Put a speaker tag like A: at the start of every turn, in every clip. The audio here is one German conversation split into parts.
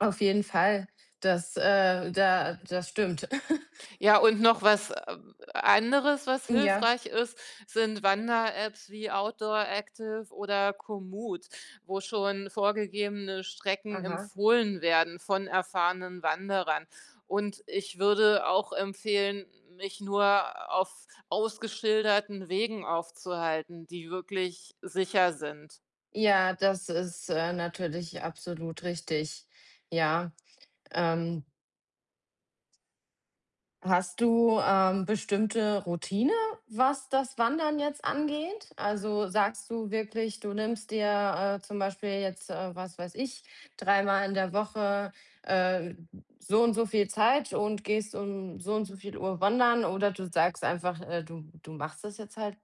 A: Auf jeden Fall, das äh, da das stimmt.
B: Ja und noch was, äh, anderes, was
A: Ja.
B: hilfreich ist, sind Wanderapps wie 'Outdooractive' oder 'Komoot', wo schon vorgegebene Strecken
A: Aha.
B: empfohlen werden von erfahrenen Wanderern. Und ich würde auch empfehlen, mich nur auf ausgeschilderten Wegen aufzuhalten, die wirklich sicher sind.
A: Ja, das ist, äh, natürlich absolut richtig. Ja, ähm Hast du, äh, bestimmte Routine, was das Wandern jetzt angeht? Also sagst du wirklich, du nimmst dir, äh, zum Beispiel jetzt, äh, was weiß ich, dreimal in der Woche, äh, so und so viel Zeit und gehst um so und so viel Uhr wandern oder du sagst einfach, äh, du du machst das jetzt halt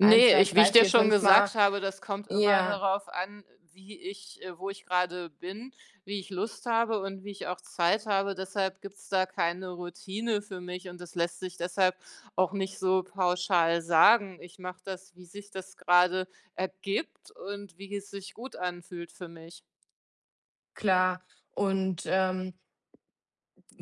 A: 1, 2,
B: ich wie
A: 3,
B: ich dir
A: 4,
B: schon
A: 5 Mal
B: gesagt habe, das kommt immer
A: ja.
B: darauf an, wie ich äh, wo ich gerade bin, wie ich Lust habe und wie ich auch Zeit habe. Deshalb gibt's da keine Routine für mich und das lässt sich deshalb auch nicht so pauschal sagen. Ich mache das, wie sich das gerade ergibt und wie es sich gut anfühlt für mich.
A: Klar. Und, ähm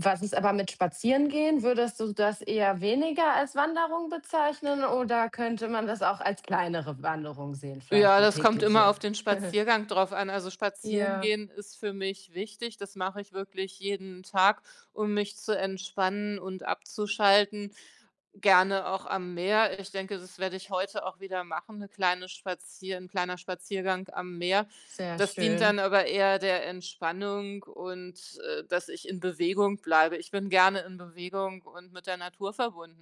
A: was ist aber mit Spazierengehen? Würdest du das eher weniger als Wanderung bezeichnen oder könnte man das auch als kleinere Wanderung sehen, vielleicht
B: Ja,
A: 'ne
B: das kommt immer
A: tägliche?
B: auf den Spaziergang drauf an. Also spazieren
A: Ja.
B: gehen ist für mich wichtig. Das mache ich wirklich jeden Tag, um mich zu entspannen und abzuschalten, gerne auch am Meer. Ich denke, das werde ich heute auch wieder machen, 'ne kleine spazieren 'n kleiner Spaziergang am Meer.
A: Sehr
B: Das dient
A: schön.
B: dann aber eher der Entspannung und, äh, dass ich in Bewegung bleibe. Ich bin gerne in Bewegung und mit der Natur verbunden.